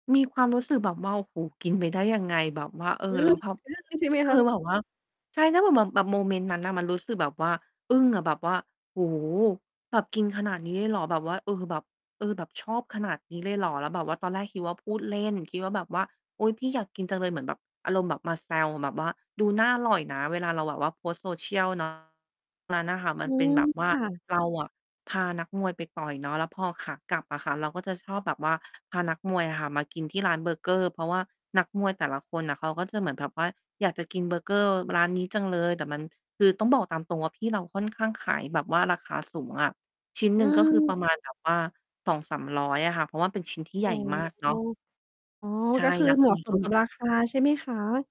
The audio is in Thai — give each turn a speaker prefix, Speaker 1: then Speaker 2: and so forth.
Speaker 1: มีความรู้สึกแบบว่า โอ้โฮ กินไปได้ยังไง แบบว่า เออ
Speaker 2: อื
Speaker 1: แล
Speaker 2: ม
Speaker 1: ้วแบบ
Speaker 2: อึ้ง ใช่ไหม
Speaker 1: ค
Speaker 2: คะ?
Speaker 1: ือแบบว่า ใช่ ถ้าเผื่อแบบ แบบโมเมนต์ นั้นน่ะ มันรู้สึกแบบว่าอึ้งอะ แบบว่า โอ้โฮ แบบกินขนาดนี้เลยเหรอ? แบบว่า เออ แบบ เออ แบบชอบขนาดนี้เลยเหรอ? แล้วแบบว่าตอนแรกคิดว่า พูดเล่น คิดว่า แบบว่า "อุ๊ย พี่อยากกินจังเลย" เหมือนแบบ อารมณ์แบบมาแซว แบบว่าดูน่าอร่อยนะ เวลาเราแบบว่าโพสต์ social เนาะ นั้นน่ะค่ะมั
Speaker 2: อื
Speaker 1: นเป็น
Speaker 2: ม
Speaker 1: แบบว่
Speaker 2: ค
Speaker 1: า
Speaker 2: ่ะ
Speaker 1: เราอะพานักมวยไปต่อยเนาะ แล้วพอขากลับอะค่ะ เราก็จะชอบแบบว่า พานักมวยอะค่ะ มากินที่ร้านเบอร์เกอร์ เพราะว่านักมวยแต่ละคนน่ะ เขาก็จะเหมือนแบบว่าอยากจะกินเบอร์เกอร์ ม ร้านนี้จังเลย แต่มัน คือต้องบอกตามตรงว่า พี่เราค่อนข้างขายแบบว่าราคาสูงอะ ชิ้นห
Speaker 2: อ
Speaker 1: น
Speaker 2: ื
Speaker 1: ึ่ง ก็คือ ป
Speaker 2: ม
Speaker 1: ระมาณแบบ ว่า 200-300 อะค่ะ เพราะว่าเป็นชิ้นที่ให
Speaker 2: อ
Speaker 1: ญ
Speaker 2: ๋อ
Speaker 1: ่มากเนาะ
Speaker 2: อ๋อ
Speaker 1: ใช่
Speaker 2: ก็คือ
Speaker 1: นัก
Speaker 2: เหม
Speaker 1: ม
Speaker 2: าะ
Speaker 1: วย
Speaker 2: ส
Speaker 1: ก็
Speaker 2: ม
Speaker 1: เห
Speaker 2: ก
Speaker 1: ม
Speaker 2: ั
Speaker 1: ือ
Speaker 2: บ
Speaker 1: นแบ
Speaker 2: รา
Speaker 1: บ
Speaker 2: คา ใช่ไหมคะ?